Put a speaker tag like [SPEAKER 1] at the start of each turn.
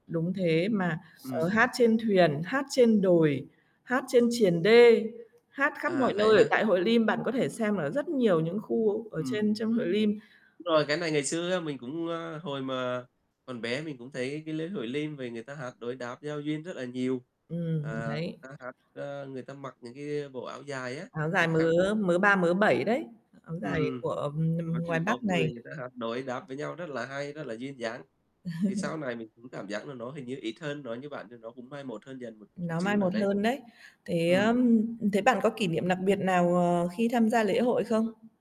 [SPEAKER 1] Đúng thế mà, ờ,
[SPEAKER 2] Ừm.
[SPEAKER 1] hát trên thuyền, hát trên đồi, hát trên triền đê, hát khắp mọi
[SPEAKER 2] À, vậy
[SPEAKER 1] nơi ở
[SPEAKER 2] hả?
[SPEAKER 1] tại hội Lim. Bạn có thể xem ở rất nhiều những khu ở
[SPEAKER 2] Ừm.
[SPEAKER 1] trên trong hội Lim.
[SPEAKER 2] Đúng rồi, cái này ngày xưa á, mình cũng, ơ, hồi mà còn bé mình cũng thấy cái lễ hội Lim vầy người ta hát đối đáp giao duyên rất là nhiều,
[SPEAKER 1] Ừm.
[SPEAKER 2] à,
[SPEAKER 1] Đấy.
[SPEAKER 2] người ta hát, ơ, người ta mặc những cái bộ áo dài á,
[SPEAKER 1] Áo dài
[SPEAKER 2] cái khăn.
[SPEAKER 1] mớ mớ ba mớ bảy đấy, áo dài
[SPEAKER 2] Ừm.
[SPEAKER 1] của, ừm,
[SPEAKER 2] Có
[SPEAKER 1] ngoài
[SPEAKER 2] từng tốp
[SPEAKER 1] Bắc
[SPEAKER 2] người
[SPEAKER 1] này.
[SPEAKER 2] người ta hát đối đáp với nhau rất là hay, rất là duyên dáng. Thì sau này mình cũng cảm giác là nó hình như ít hơn, nói như bạn thì nó cũng mai một hơn dần một chút
[SPEAKER 1] Nó mai
[SPEAKER 2] xíu nào
[SPEAKER 1] một
[SPEAKER 2] đấy.
[SPEAKER 1] hơn đấy. Thế,
[SPEAKER 2] Ừm.
[SPEAKER 1] ơm, thế bạn có kỷ niệm nặc biệt nào, ờ, khi tham gia lễ hội không?